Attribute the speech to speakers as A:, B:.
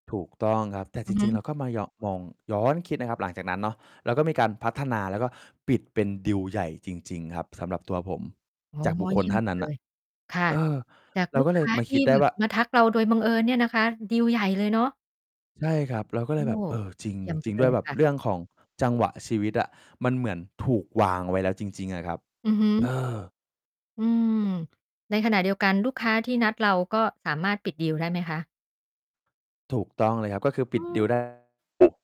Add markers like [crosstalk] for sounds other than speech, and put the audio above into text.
A: ถูกต้องครับ แต่
B: อ
A: จ
B: ือฮ
A: ริง ๆ เร
B: ึ
A: าก็มายอง มองย้อนคิดนะครับหลังจากนั้นเนาะ เราก็มีการพัฒนา แล้วก็ปิดเป็นดีลใหญ่จริง ๆ ครับสำหรับตัวผม
B: อ๋อ
A: จากบุคค
B: เย
A: ล
B: ี่ย
A: ท
B: ม
A: ่าน
B: ไป
A: นั้น
B: เล
A: น่ะ
B: ย ค่ะ
A: เออ
B: จาก
A: เรา
B: ลู
A: ก
B: ก
A: ็เล
B: ค
A: ย
B: ้า
A: มา
B: ท
A: ค
B: ี
A: ิ
B: ่
A: ดได
B: แ
A: ้
B: บ
A: ว
B: บ
A: ่า
B: มาทักเราโดยบังเอิญเนี่ยนะคะ ดีลใหญ่เลยเนาะ
A: ใช่ครับ เราก็
B: โ
A: เ
B: อ
A: ล
B: ้
A: ยแบบ เออ จริง
B: เยี่ยมไป
A: จริง
B: เล
A: ด้วย
B: ย
A: แบบ
B: ค่ะ
A: เรื่องของจังหวะชีวิตอะ มันเหมือนถูกวางไว้แล้วจริง ๆ อะครับ
B: อือฮึ
A: เออ
B: อืม ในขณะเดียวกันลูกค้าที่นัดเรา ก็สามารถปิดดีลได้ไหมคะ?
A: ถูกต้องเลยครับ ก็คือป
B: อ
A: ิด
B: ื
A: ดีล ได้
B: ม
A: [unintelligible]